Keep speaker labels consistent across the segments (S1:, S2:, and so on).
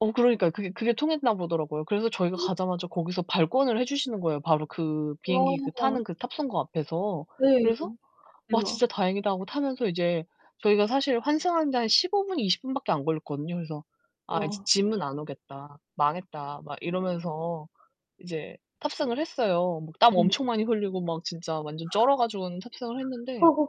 S1: 어 그러니까요. 그게 그게 통했나 보더라고요. 그래서 저희가 가자마자 거기서 발권을 해 주시는 거예요 바로 그 비행기 그 타는
S2: 와.
S1: 그 탑승구 앞에서.
S2: 네.
S1: 그래서 '와 진짜
S2: 대박.
S1: 다행이다.' 하고 타면서 이제 저희가 사실 환승하는데 한 15 분, 20 분밖에 안 걸렸거든요. 그래서 '아 이제
S2: 와.
S1: 짐은 안 오겠다. 망했다.' 막 이러면서 이제 탑승을 했어요. 뭐 땀
S2: 네.
S1: 엄청 많이 흘리고 막 진짜 완전 쩔어 가지고는 탑승을 했는데
S2: 허허.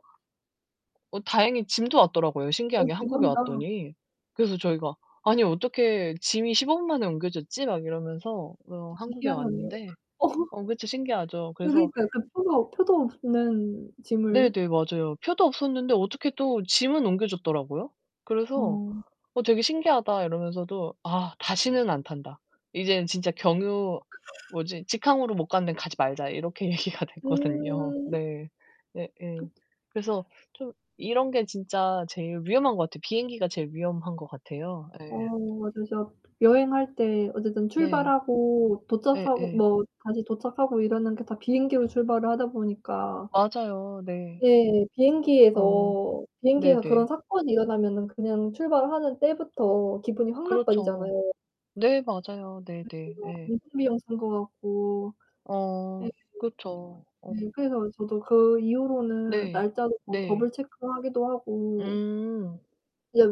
S1: 어 다행히 짐도 왔더라고요
S2: 어
S1: 신기하게 한국에
S2: 대박이다.
S1: 왔더니. 그래서 저희가 "아니 어떻게 짐이 15 분 만에 옮겨졌지?" 막 이러면서 어
S2: 진짜
S1: 한국에
S2: 희한하네요.
S1: 왔는데 어 그쵸 신기하죠.
S2: 어
S1: 그래서
S2: 그니까 그 표도 표도 없는 짐을
S1: 네네 맞아요. 표도 없었는데 어떻게 또 짐은 옮겨 줬더라고요. 그래서
S2: 어.
S1: "어 되게 신기하다." 이러면서도 "아 다시는 안 탄다. 이제는 진짜 경유 뭐지 직항으로 못 가는데 가지 말자." 이렇게 얘기가 됐거든요.
S2: 음. 그렇죠.
S1: 네. 예예. 그래서 좀 이런 게 진짜 제일 위험한 것 같아. 비행기가 제일 위험한 것 같아요.
S2: 어
S1: 예.
S2: 맞아요 진짜 여행할 때 어쨌든
S1: 네.
S2: 출발하고 도착하고
S1: 예예.
S2: 뭐 다시 도착하고 이러는 게 다 비행기로 출발을 하다 보니까
S1: 맞아요. 네.
S2: 네
S1: 어
S2: 비행기에서 비행기에서
S1: 네네.
S2: 그런 사건이 일어나면은 그냥 출발하는 때부터 기분이 확
S1: 그렇죠.
S2: 나빠지잖아요.
S1: 네 맞아요. 네네 예.
S2: [unintelligible] 산 것 같고 네.
S1: 어 그렇죠. 어.
S2: 네 그래서 저도 그 이후로는
S1: 네.
S2: 날짜도 더
S1: 네.
S2: 더블 체크하기도 하고
S1: 음.
S2: 이제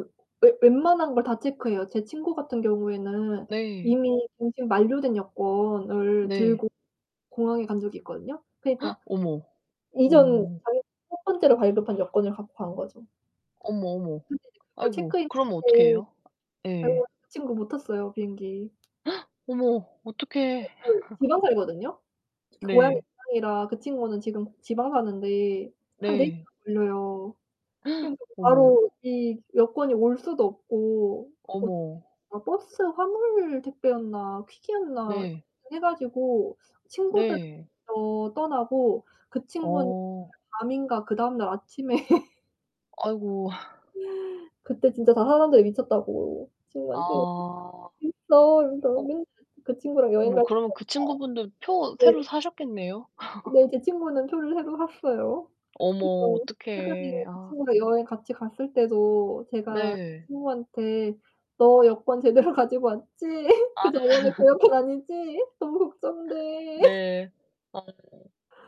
S2: 웨 웬만한 걸 다 체크해요. 제 친구 같은 경우에는
S1: 네.
S2: 이미 갱신 만료된 여권을
S1: 네.
S2: 들고 공항에 간 적이 있거든요. 그러니까
S1: 어머.
S2: 이전
S1: 어.
S2: 자기 1 번째로 발급한 여권을 갖고 간 거죠.
S1: 어머, 어머
S2: 근데 이제 그걸
S1: 아이고.
S2: 체크인
S1: 그럼
S2: 때
S1: 어떻게
S2: 그래
S1: 해요? 예.
S2: 가지고 그 친구 못 탔어요 비행기.
S1: 어머 어떡해.
S2: 걔 또 지방 살거든요. 그 고향이
S1: 네.
S2: 지방이라 그 친구는 지금 지방 사는데 한 4 시간
S1: 네.
S2: 걸려요. 그러니까 그
S1: 어머.
S2: 바로 이 여권이 올 수도 없고 뭐지
S1: 어머.
S2: 막 버스 화물 택배였나 퀵이었나 그
S1: 네.
S2: 해 가지고 친구들
S1: 네.
S2: 어 떠나고 그 친구는
S1: 어.
S2: 밤인가 그다음 날 아침에
S1: 아이고.
S2: 그때 진짜 다 사람들이 미쳤다고
S1: 아.
S2: 친구한테 "있어." 이러면서
S1: 어.
S2: 맨날 그 친구랑 여행
S1: 뭐
S2: 갈
S1: 그러면 그 친구분도 표
S2: 때마다
S1: 새로
S2: 네.
S1: 사셨겠네요?
S2: 네 제 친구는 표를 새로 샀어요.
S1: 어머
S2: 그래서 최근에
S1: 어떡해
S2: 그
S1: 아.
S2: 친구랑 여행 같이 갔을 때도 제가
S1: 네.
S2: 친구한테 "너 여권 제대로 가지고 왔지? 그
S1: 아.
S2: 저번에 그 여권 아니지? 너무 걱정 돼."
S1: 네. 맞아요.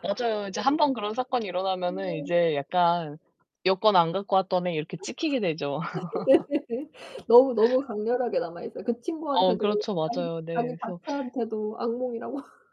S1: 맞아요. 이제 1 번 그런 사건이 일어나면은
S2: 네.
S1: 이제 약간 '여권 안 갖고 왔던 애.' 이렇게 찍히게 되죠.
S2: 네네네. 너무 너무 강렬하게 남아 있어요. 그
S1: 어
S2: 친구한테도
S1: 그렇죠
S2: 자기
S1: 맞아요.
S2: 자기
S1: 네. 그래서
S2: 자체한테도 악몽이라고